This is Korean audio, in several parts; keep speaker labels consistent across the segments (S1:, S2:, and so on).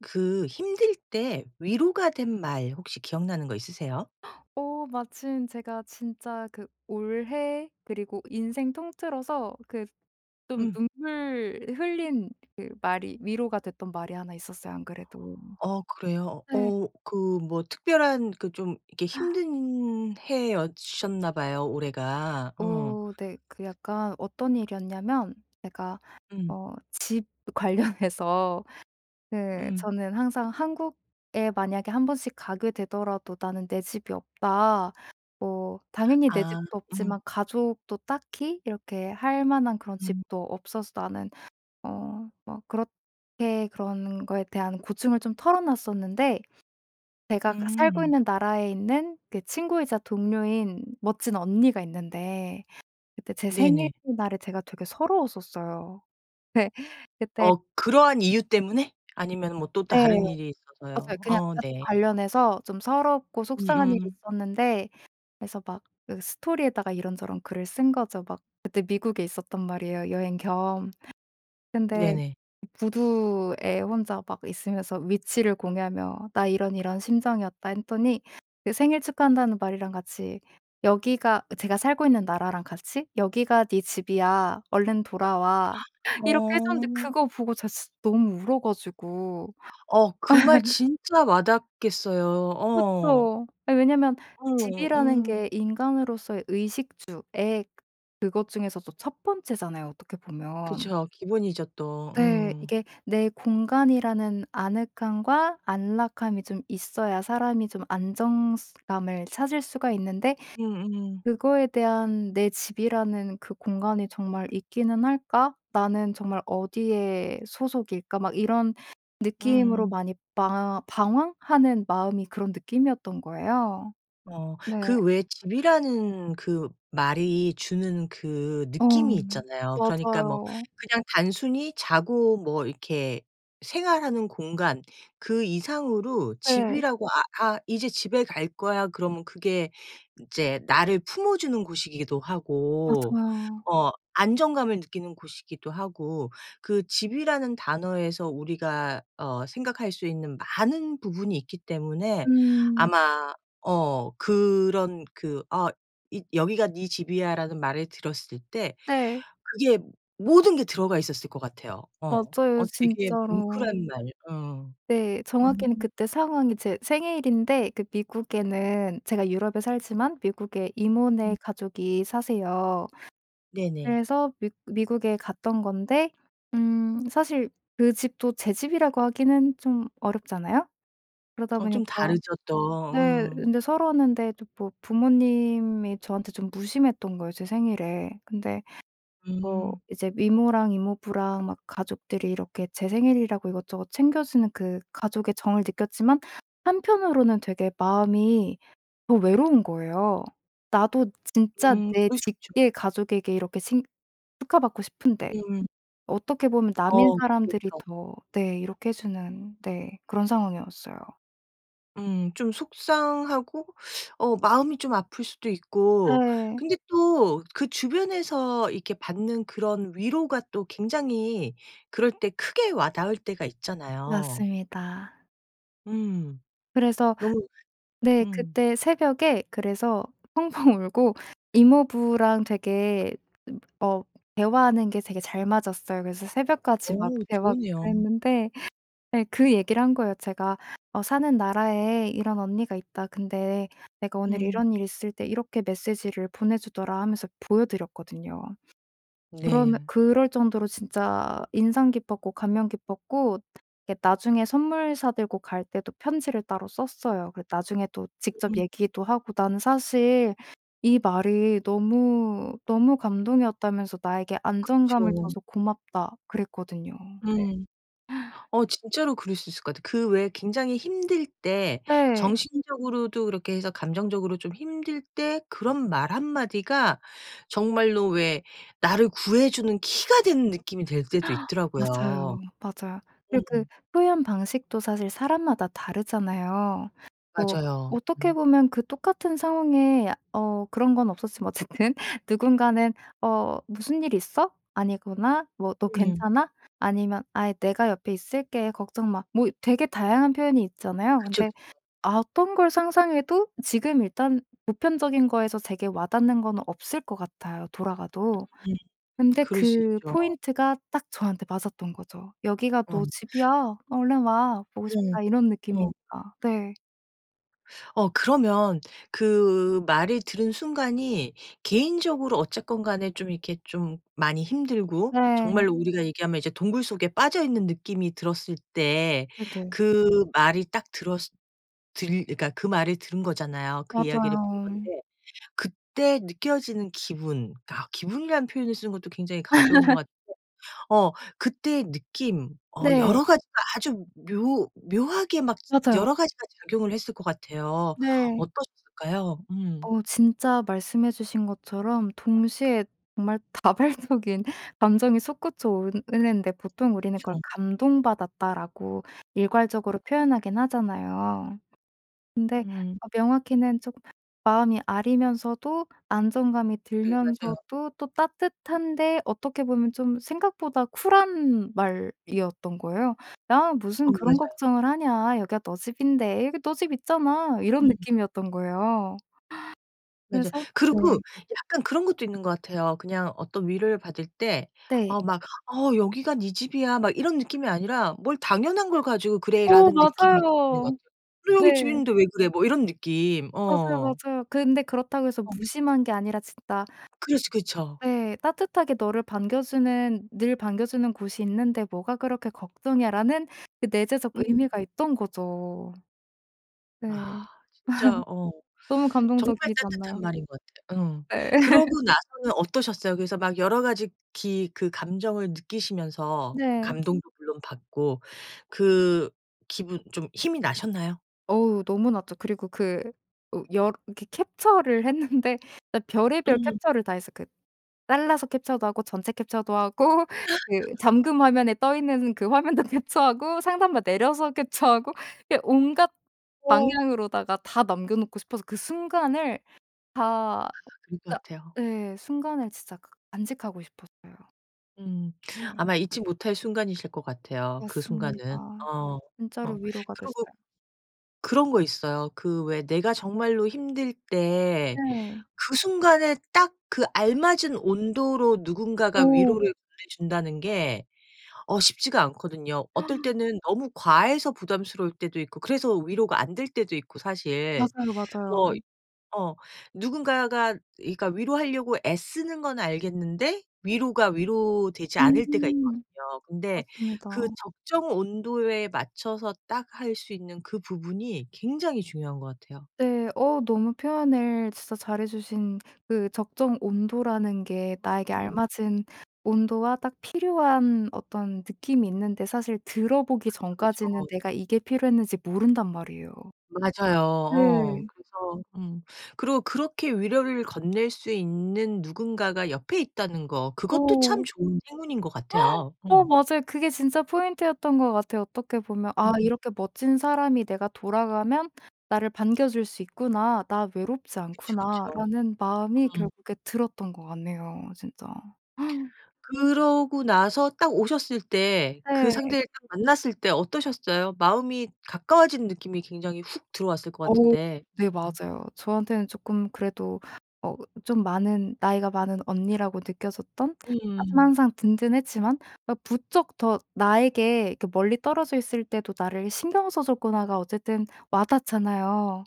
S1: 그 힘들 때 위로가 된 말 혹시 기억나는 거 있으세요?
S2: 어 마침 제가 진짜 그 올해 그리고 인생 통틀어서 그 좀
S1: 음.
S2: 눈물 흘린 그 말이 위로가 됐던 말이 1 있었어요, 안 그래도.
S1: 어 그래요.
S2: 네.
S1: 어 그 뭐 특별한 그 좀 이렇게
S2: 아.
S1: 힘든 해였 셨나 봐요, 올해가. 어.
S2: 어 네. 그 약간 어떤 일이었냐면 제가
S1: 음.
S2: 어 집 관련해서 그
S1: 음.
S2: 저는 항상 "한국에 만약에 1 번씩 가게 되더라도 나는 내 집이 없다." 뭐 당연히 내
S1: 아
S2: 집도
S1: 음.
S2: 없지만 가족도 딱히 이렇게 할 만한 그런
S1: 음.
S2: 집도 없어서 나는 어 막 그렇게 그런 거에 대한 고충을 좀 털어놨었는데 제가 그 살고
S1: 음.
S2: 있는 나라에 있는 그 친구이자 동료인 멋진 언니가 있는데 그때 제
S1: 네네.
S2: 생일날에 제가 되게 서러웠었어요. 네. 그때
S1: 어 그러한 이유 때문에? 아니면은 뭐 또
S2: 네.
S1: 다른 일이
S2: 맞아요.
S1: 있어서요.
S2: 그냥
S1: 어
S2: 가족
S1: 네.
S2: 관련해서 좀 서럽고 속상한 일이
S1: 음음.
S2: 있었는데 그래서 막 그 스토리에다가 이런저런 글을 쓴 거죠. 막 그때 미국에 있었단 말이에요, 여행 겸. 근데
S1: 네네.
S2: 부두에 혼자 막 있으면서 위치를 공유하며 "나 이런 이런 심정이었다." 했더니 그 "생일 축하한다."는 말이랑 같이 여기가 제가 살고 있는 나라랑 같이 "여기가 네 집이야. 얼른 돌아와." 이렇게 해 줬는데
S1: 어.
S2: 그거 보고 제가 진짜 너무 울어 가지고.
S1: 어 그 말 진짜 와닿았겠어요. 어.
S2: 그쵸. 아 왜냐하면
S1: 어
S2: 집이라는
S1: 음.
S2: 게 인간으로서의 의식주의 그것 중에서도 1 번째잖아요, 어떻게 보면.
S1: 그쵸. 기본이죠, 또.
S2: 네.
S1: 음.
S2: 이게 내 공간이라는 아늑함과 안락함이 좀 있어야 사람이 좀 안정성 감을 찾을 수가 있는데
S1: 음음.
S2: 그거에 대한 '내 집이라는 그 공간이 정말 있기는 할까? 나는 정말 어디의 소속일까?' 막 이런 느낌으로
S1: 으음.
S2: 많이 방황 방황하는 마음이 그런 느낌이었던 거예요.
S1: 어
S2: 네.
S1: 그 왜 집이라는 그 말이 주는 그
S2: 어
S1: 느낌이 있잖아요. 그러니까 뭐
S2: 맞아요.
S1: 그냥 단순히 자고 뭐 이렇게 생활하는 공간 그 이상으로
S2: 예.
S1: 집이라고 아 아 "이제 집에 갈 거야." 그러면 그게 인제 나를 품어주는 곳이기도 하고
S2: 맞아요.
S1: 어 안정감을 느끼는 곳이기도 하고 그 집이라는 단어에서 우리가 어 생각할 수 있는 많은 부분이 있기 때문에
S2: 음.
S1: 아마 어 그런 그 어 있 "여기가 네 집이야."라는 말을 들었을 때
S2: 네.
S1: 그게 모든 게 들어가 있었을 것 같아요. 어.
S2: 맞아요
S1: 어 되게
S2: 진짜로.
S1: 뭉클한 말. 어.
S2: 네.
S1: 음.
S2: 정확히는 그때 상황이 제 생일인데 그 미국에는 제가 유럽에 살지만 미국에 이모네
S1: 음.
S2: 가족이 사세요.
S1: 네네.
S2: 그래서 미 미국에 갔던 건데 음 사실 그 집도 제 집이라고 하기는 좀 어렵잖아요. 그러다
S1: 어 좀
S2: 보니까
S1: 다르죠, 또.
S2: 네
S1: 음.
S2: 근데 서러웠는데 저 뭐 부모님이 저한테 좀 무심했던 거예요, 제 생일에. 근데 뭐
S1: 음.
S2: 이제 이모랑 이모부랑 막 가족들이 이렇게 제 생일이라고 이것저것 챙겨주는 그 가족의 정을 느꼈지만 한편으로는 되게 마음이 더 외로운 거예요. 나도 진짜
S1: 음
S2: 내
S1: 그럴 수 있죠.
S2: 직계 가족에게 이렇게 칭 축하받고 싶은데
S1: 음.
S2: 어떻게 보면 남인
S1: 어
S2: 사람들이
S1: 그렇죠.
S2: 더 네 이렇게 해 주는 네 그런 상황이었어요.
S1: 음. 좀 속상하고 어 마음이 좀 아플 수도 있고
S2: 네.
S1: 근데 또 그 주변에서 이렇게 받는 그런 위로가 또 굉장히 그럴 때 크게 와닿을 때가 있잖아요.
S2: 맞습니다.
S1: 음.
S2: 그래서
S1: 너무
S2: 네
S1: 음.
S2: 그때 새벽에 그래서 펑펑 울고 이모부랑 되게 음 어 대화하는 게 되게 잘 맞았어요. 그래서 새벽까지 막
S1: 어우.
S2: 대화하고
S1: 좋으네요.
S2: 그랬는데 네 그 얘기를 한 거예요 제가. 어 "사는 나라에 이런 언니가 있다. 근데 내가 오늘
S1: 음.
S2: 이런 일 있을 때 이렇게 메시지를 보내 주더라." 하면서 보여드렸거든요. 그러며
S1: 네.
S2: 그럴 정도로 진짜 인상 깊었고 감명 깊었고 이렇게 나중에 선물 사 들고 갈 때도 편지를 따로 썼어요. 그 나중에 또 직접
S1: 음.
S2: 얘기도 하고 나는 사실 이 말이 너무너무 감동이었다면서 "나에게 안정감을
S1: 그쵸.
S2: 줘서 고맙다." 그랬거든요. 네.
S1: 음. 어. 진짜로 그럴 수 있을 것 같아. 그 왜 굉장히 힘들 때,
S2: 네.
S1: 정신적으로도 그렇게 해서 감정적으로 좀 힘들 때 그런 말 한마디가 정말로 왜, 나를 구해주는 키가 된 느낌이 들 때도 있더라고요.
S2: 맞아요, 맞아. 그리고 그
S1: 음.
S2: 표현 방식도 사실 사람마다 다르잖아요.
S1: 맞아요.
S2: 뭐 어떻게
S1: 음.
S2: 보면 그 똑같은 상황에 어 그런 건 없었지만 어쨌든 누군가는 "어 무슨 일 있어? 아니구나?" 뭐 "너
S1: 음.
S2: 괜찮아?" 아니면 "아이 내가 옆에 있을게. 걱정 마." 뭐 되게 다양한 표현이 있잖아요.
S1: 그쵸,
S2: 근데
S1: 그쵸.
S2: 어떤 걸 상상해도 지금 일단 보편적인 거에서 되게 와 닿는 건 없을 것 같아요, 돌아가도.
S1: 음.
S2: 근데
S1: 그럴 수
S2: 그
S1: 있죠.
S2: 포인트가 딱 저한테 맞았던 거죠. "여기가
S1: 어.
S2: 너 집이야. 얼른 와. 보고
S1: 음.
S2: 싶다." 이런
S1: 어.
S2: 느낌이니까. 네.
S1: 어 그러면 그 말을 들은 순간이 개인적으로 어쨌건 간에 좀 이렇게 좀 많이 힘들고
S2: 네.
S1: 정말로 우리가 얘기하면 이제 동굴 속에 빠져 있는 느낌이 들었을 때
S2: 네네.
S1: 그 말이 딱 들었으 들 그니까 그 말을 들은 거잖아요. 그 이야기를 본
S2: 맞아요.
S1: 건데 그때 느껴지는 기분 그니까 기분이라는 표현을 쓰는 것도 굉장히 가벼운 것 같은데 어 그때의 느낌 어
S2: 네.
S1: 여러 가지로 아주 묘 묘하게 막
S2: 맞아요.
S1: 여러 가지가 작용을 했을 것 같아요.
S2: 네.
S1: 어떠셨을까요? 음.
S2: 어 진짜 말씀해 주신 것처럼 동시에 정말 다발적인 감정이 솟구쳐 오르는데 보통 우리는 그걸
S1: 그쵸.
S2: '감동받았다.'라고 일괄적으로 표현하긴 하잖아요. 근데
S1: 음.
S2: 어 명확히는 쪼금 마음이 아리면서도 안정감이
S1: 네 맞아요.
S2: 들면서도 또 따뜻한데 어떻게 보면 좀 생각보다 쿨한 말이었던 거예요. '야
S1: 어
S2: 무슨 그런
S1: 맞아요.
S2: 걱정을 하냐. 여기가 너 집인데 여기 너 집 있잖아.' 이런
S1: 음.
S2: 느낌이었던 거예요.
S1: 맞아요.
S2: 그래서 네.
S1: 그리고 약간 그런 것도 있는 것 같아요. 그냥 어떤 위로를 받을 때
S2: 네.
S1: 어 막 '어 여기가 네 집이야.' 막 이런 느낌이 아니라 '뭘 당연한 걸 가지고
S2: 어
S1: 그래.'라는 느낌이 좀 있는 것
S2: 맞아요.
S1: 같아요. '그래 여기
S2: 네.
S1: 집인데 왜 그래.' 뭐 이런 느낌
S2: 맞아요,
S1: 어.
S2: 맞아요. 근데 그렇다고 해서
S1: 어.
S2: 무심한 게 아니라 진짜
S1: 그렇지 그쵸.
S2: 네 '따뜻하게 너를 반겨주는 늘 반겨주는 곳이 있는데 뭐가 그렇게 걱정이야.'라는 그 내재적
S1: 음.
S2: 의미가 있던 거죠. 네.
S1: 아. 진짜 어
S2: 너무
S1: 정말
S2: 감동적이지
S1: 따뜻한
S2: 않나요?
S1: 말인 것 같아요. 음.
S2: 네.
S1: 그러고 나서는 어떠셨어요? 그래서 막 여러 가지 기 그 감정을 느끼시면서
S2: 네.
S1: 감동도 물론 받고 그 기분 좀 힘이 나셨나요?
S2: 어 너무 낮죠. 그리고 그 어 여 이렇게 캡처를 했는데 진짜 별의별
S1: 음.
S2: 캡처를 다 했어. 그 잘라서 캡처도 하고 전체 캡처도 하고 그 잠금 화면에 떠 있는 그 화면도 캡처하고 상단 막 내려서 캡처하고 그 온갖
S1: 어.
S2: 방향으로다가 다 남겨 놓고 싶어서 그 순간을 다
S1: 아 그럴
S2: 진짜
S1: 것 같아요.
S2: 예 순간을 진짜 가 간직하고 싶었어요.
S1: 음.
S2: 예
S1: 아마 잊지 못할 순간이실 것 같아요, 그 순간은.
S2: 맞습니다.
S1: 어,
S2: 진짜로
S1: 어.
S2: 위로가
S1: 그리고
S2: 됐어요.
S1: 그런 거 있어요. 그 왜 내가 정말로 힘들 때
S2: 예.
S1: 그 순간에 딱 그 알맞은 온도로 누군가가
S2: 오.
S1: 위로를 보내준다는 게 어 쉽지가 않거든요. 어떨 때는 너무 과해서 부담스러울 때도 있고 그래서 위로가 안 될 때도 있고, 사실.
S2: 맞아요, 맞아요.
S1: 뭐 어 누군가가 그러니까 위로하려고 애쓰는 건 알겠는데 위로가 위로 되지 않을 때가
S2: 음.
S1: 있거든요. 근데 그
S2: 맞습니다.
S1: 적정 온도에 맞춰서 딱 할 수 있는 그 부분이 굉장히 중요한 것 같아요.
S2: 네. 어 너무 표현을 진짜 잘해 주신, 그 적정 온도라는 게 나에게
S1: 음.
S2: 알맞은 온도와 딱 필요한 어떤 느낌이 있는데 사실 들어보기
S1: 그쵸, 그쵸.
S2: 전까지는 내가 이게 필요했는지 모른단 말이에요.
S1: 맞아요.
S2: 네.
S1: 어 그래서 음. 그리고 그렇게 위로를 건넬 수 있는 누군가가 옆에 있다는 거 그것도 참
S2: 오.
S1: 좋은 행운인 것 같아요.
S2: 어
S1: 음.
S2: 맞아요. 그게 진짜 포인트였던 것 같아요, 어떻게 보면. '아
S1: 음음.
S2: 이렇게 멋진 사람이 내가 돌아가면 나를 반겨줄 수 있구나. 나 외롭지
S1: 그쵸, 그쵸.
S2: 않구나.'라는 마음이
S1: 음.
S2: 결국에 들었던 것 같네요, 진짜.
S1: 그러고 나서 딱 오셨을 때 그
S2: 네.
S1: 상대를 딱 만났을 때 어떠셨어요? 마음이 가까워진 느낌이 굉장히 훅 들어왔을 것
S2: 어.
S1: 같은데.
S2: 네
S1: [unintelligible]
S2: 맞아요. 저한테는 조끔 그래도 어 좀 많은, 나이가 많은 언니라고 느껴졌던 하지만
S1: 음.
S2: 항상 든든했지만 아 부쩍 더 나에게 '이렇게 멀리 떨어져 있을 때도 나를 신경 써줬구나.'가 어쨌든 와닿잖아요.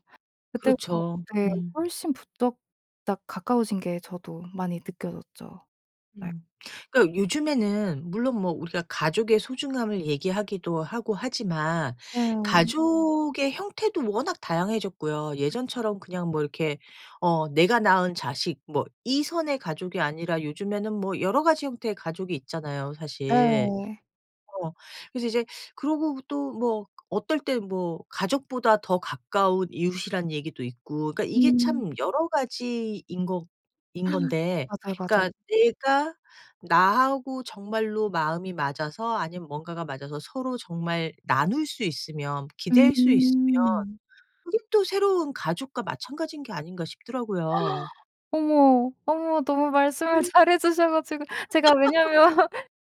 S2: 그때부터
S1: 그렇죠.
S2: 네
S1: 음.
S2: 훨씬 부쩍 딱 가까워진 게 저도 많이 느껴졌죠. 네.
S1: 음. 그니까 요즘에는 물론 뭐 우리가 가족의 소중함을 얘기하기도 하고 하지만
S2: 네.
S1: 가족의 형태도 워낙 다양해졌고요.
S2: 그쵸.
S1: 예전처럼 그냥 뭐 이렇게 어 내가 낳은 자식 뭐 이 선의 가족이 아니라 요즘에는 뭐 여러 가지 형태의 가족이 있잖아요, 사실.
S2: 네.
S1: 어 그래서 이제 그러고 또 뭐 어떨 때 뭐 '가족보다 더 가까운 이웃.'이라는 얘기도 있고 그러니까 이게
S2: 음.
S1: 참 여러가지인 거 인 건데
S2: 맞아요, 맞아요.
S1: 그러니까 내가 '나하고 정말로 마음이 맞아서 아니면 뭔가가 맞아서 서로 정말 나눌 수 있으면 기댈 수 있으면
S2: 음.
S1: 그것도 새로운 가족과 마찬가지인 게 아닌가.' 싶더라고요.
S2: 어머, 어머. 너무 말씀을 잘 해주셔 가지고 제가 왜냐하면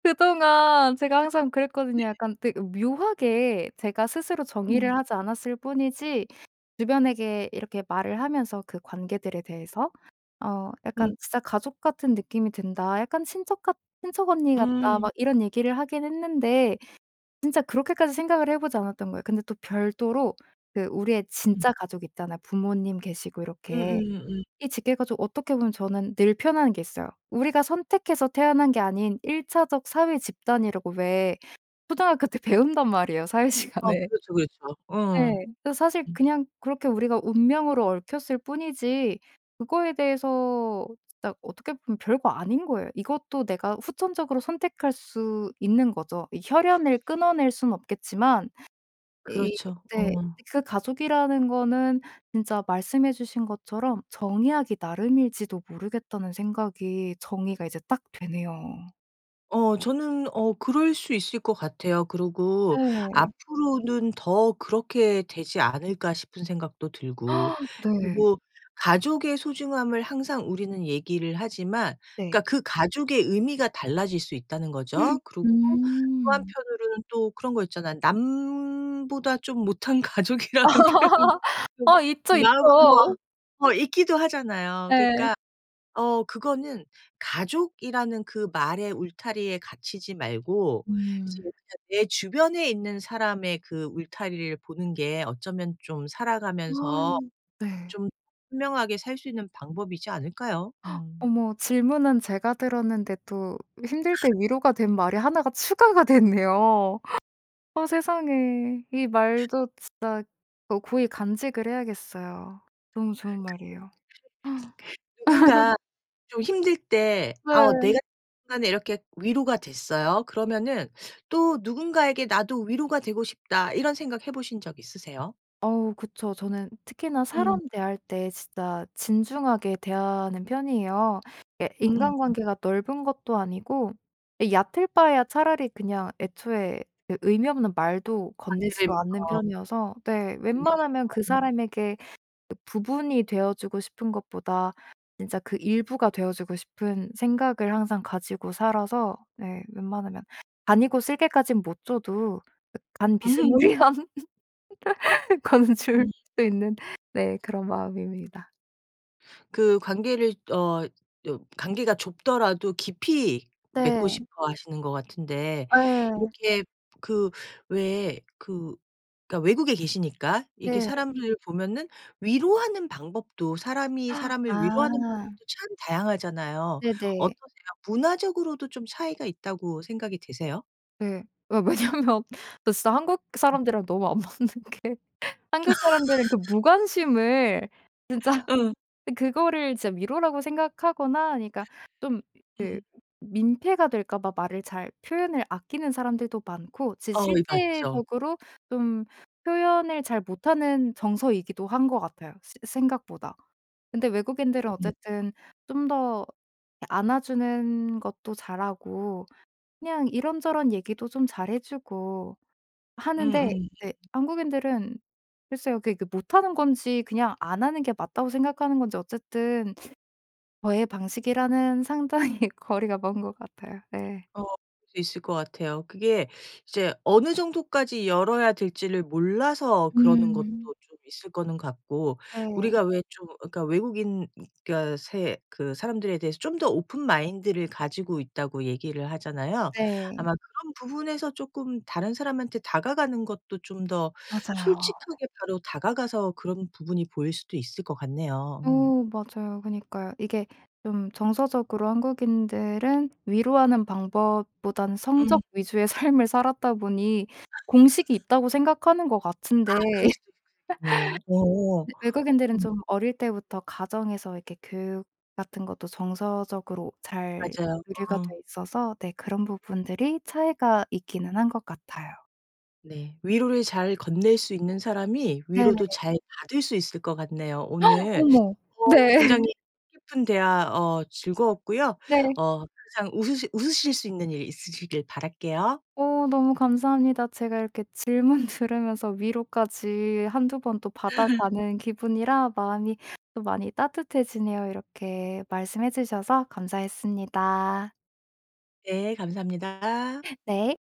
S2: 그동안 제가 항상
S1: 네.
S2: 그랬거든요. 약간 되게 묘하게 제가 스스로
S1: 음.
S2: 정의를 하지 않았을 뿐이지 주변에게 이렇게 말을 하면서 그 관계들에 대해서 어
S1: 음.
S2: "약간 진짜 가족 같은 느낌이 든다. 약간 친척 같, 친척 언니 같다."
S1: 음.
S2: 막 이런 얘기를 하긴 했는데 진짜 그렇게까지 생각을 해 보지 않았던 거예요. 근데 또 별도로 그 우리의
S1: 음.
S2: 진짜 가족 있잖아요. 부모님 계시고
S1: 음음
S2: 이렇게.
S1: 음.
S2: 이 직계 가족 어떻게 보면 저는 늘 표현하는 게 있어요. '우리가 선택해서 태어난 게 아닌 1 차적 사회 집단.'이라고 왜 초등학교 때 배운단 말이에요, 사회
S1: 어
S2: 시간에.
S1: 그렇죠. 그렇죠.
S2: 예.
S1: 음.
S2: 그 사실
S1: 음.
S2: 그냥 그렇게 우리가 운명으로 얽혔을 뿐이지 그거에 대해서 진짜 어떻게 보면 별거 아닌 거예요. 이것도 내가 후천적으로 선택할 수 있는 거죠. 이 혈연을 끊어낼 순 없겠지만 이
S1: 그렇죠.
S2: 네.
S1: 어.
S2: 그 가족이라는 거는 진짜 말씀해 주신 것처럼 '정의하기 나름일지도 모르겠다.'는 생각이 정의가 이제 딱 되네요.
S1: 어 저는 어 그럴 수 있을 것 같아요. 그리고
S2: 네.
S1: 앞으로는 더 그렇게 되지 않을까 싶은 생각도 들고.
S2: 네.
S1: 그리고 가족의 소중함을 항상 우리는 얘기를 하지만
S2: 네.
S1: 그니까 그 가족의 의미가 달라질 수 있다는 거죠. 그리고 또
S2: 음.
S1: 한편으로는 또 그런 거 있잖아 남보다 좀 못한 가족이라는 표현이 좀
S2: 아 있죠,
S1: 남 뭐 아
S2: 있죠.
S1: 어 있기도 하잖아요.
S2: 예.
S1: 그러니까 어 그거는 가족이라는 그 말의 울타리에 갇히지 말고 이제
S2: 음.
S1: 그러니까 내 주변에 있는 사람의 그 울타리를 보는 게 어쩌면 좀 살아가면서
S2: 네.
S1: 좀 현명하게 살 수 있는 방법이지 않을까요? 음.
S2: 어머 질문은 제가 들었는데 또 힘들 때 위로가 된 말이 1가 추가가 됐네요. 어 세상에. 이 말도 진짜 어 고이 간직을 해야겠어요.
S1: [unintelligible]
S2: 너무 좋은 말이에요.
S1: 누군가 좀 힘들 때 어
S2: 네.
S1: 내가 [unintelligible] 순간에 이렇게 위로가 됐어요. 그러면은 또 '누군가에게 나도 위로가 되고 싶다.' 이런 생각 해보신 적 있으세요?
S2: 어우 그쵸. 저는 특히나
S1: 음.
S2: 사람 대할 때 진짜 진중하게 대하는 편이에요. 예
S1: 음음.
S2: 인간관계가 넓은 것도 아니고 이 얕을 바에야 차라리 그냥 애초에 의 의미 없는 말도
S1: 아
S2: 건네지도 않는
S1: 그러니까.
S2: 편이어서. 네.
S1: 근데 이게
S2: 웬만하면 그
S1: 너무
S2: 사람에게 이 부분이 되어주고 싶은 것보다 진짜 그 일부가 되어주고 싶은 생각을 항상 가지고 살아서 네 웬만하면 간이고 쓸개까지는 못 줘도 간 비스무리한 거는 줄
S1: 음.
S2: 수 있는 네 그런 마음입니다.
S1: 그 관계를 어 여 관계가 좁더라도 깊이 맺고
S2: 네.
S1: 싶어 하시는 것 같은데
S2: 예.
S1: 이렇게 그 왜 그 그러니까 외국에 계시니까 이렇게
S2: 네.
S1: 사람들을 보면은 위로하는 방법도 사람이 사람을 위로하는
S2: 아.
S1: 방법도 참 다양하잖아요.
S2: 네네.
S1: 어떠세요? 문화적으로도 좀 차이가 있다고 생각이 드세요?
S2: 네. 왜 왜냐하면 나 진짜 한국
S1: 음.
S2: 사람들이랑 너무 안 맞는 게 한국 사람들은 그 무관심을 진짜
S1: 응.
S2: 으 그거를 진짜 위로라고 생각하거나 그러니까 좀
S1: 음.
S2: 민폐가 될까 봐 말을 잘 표현을 아끼는 사람들도 많고 진짜
S1: 어 이 봤죠.
S2: 실제적으로 좀 표현을 잘 못하는 정서이기도 한 것 같아요, 새 생각보다. 근데 외국인들은
S1: 음.
S2: 어쨌든 좀 더 이렇게 안아주는 것도 잘하고 그냥 이런저런 얘기도 좀 잘해 주고 하는데
S1: 음음.
S2: 네 한국인들은 글쎄요. 그러니까 못하는 건지 그냥 안 하는 게 맞다고 생각하는 건지 어쨌든 저의 방식이랑은 상당히 거리가 먼 것 같아요. 네.
S1: 어 그럴 수 있을 것 같아요 그게 이제 어느 정도까지 열어야 될지를 몰라서 그러는 것도
S2: 음.
S1: 좀 있을 거는 같고
S2: 네.
S1: 우리가 왜 좀 어 그러니까 외국인 가 새 그 사람들에 대해서 좀 더 오픈 마인드를 가지고 있다고 얘기를 하잖아요.
S2: 네.
S1: 아마 그런 부분에서 쪼끔 다른 사람한테 다가가는 것도 좀 더
S2: 맞아요.
S1: 솔직하게 바로 다가가서 그런 부분이 보일 수도 있을 것
S2: 어.
S1: 같네요. 음.
S2: 맞아요. 그니까요. 이게 좀 정서적으로 한국인들은 위로하는 방법보다는
S1: 음.
S2: 성적 위주의 삶을 살았다 보니 공식이 있다고 생각하는 것
S1: 아
S2: 같은데.
S1: 그럴 수도 그랬겠네요. 어.
S2: 외국인들은
S1: 음.
S2: 좀 어릴 때부터 가정에서 이렇게 교육 같은 것도 정서적으로 잘
S1: 맞아요.
S2: 교류가 돼
S1: 어.
S2: 있어서 네 그런 부분들이 차이가 있기는 한 것 같아요.
S1: 네. 위로를 잘 건넬 수 있는 사람이
S2: 네.
S1: 위로도 잘 받을 수 있을 것 같네요. 오늘
S2: 어머.
S1: 어
S2: 네.
S1: 굉장히 뜻깊은 대화 어 즐거웠고요.
S2: 네.
S1: 어 항상 웃으실 웃으실 수 있는 일 있으시길 바랄게요.
S2: 어 너무 감사합니다. 제가 이렇게 질문 들으면서 위로까지 1-2 번 또 받아가는 기분이라 마음이 또 많이 따뜻해지네요. 이렇게 말씀해 주셔서 감사했습니다.
S1: 네. 감사합니다.
S2: 네.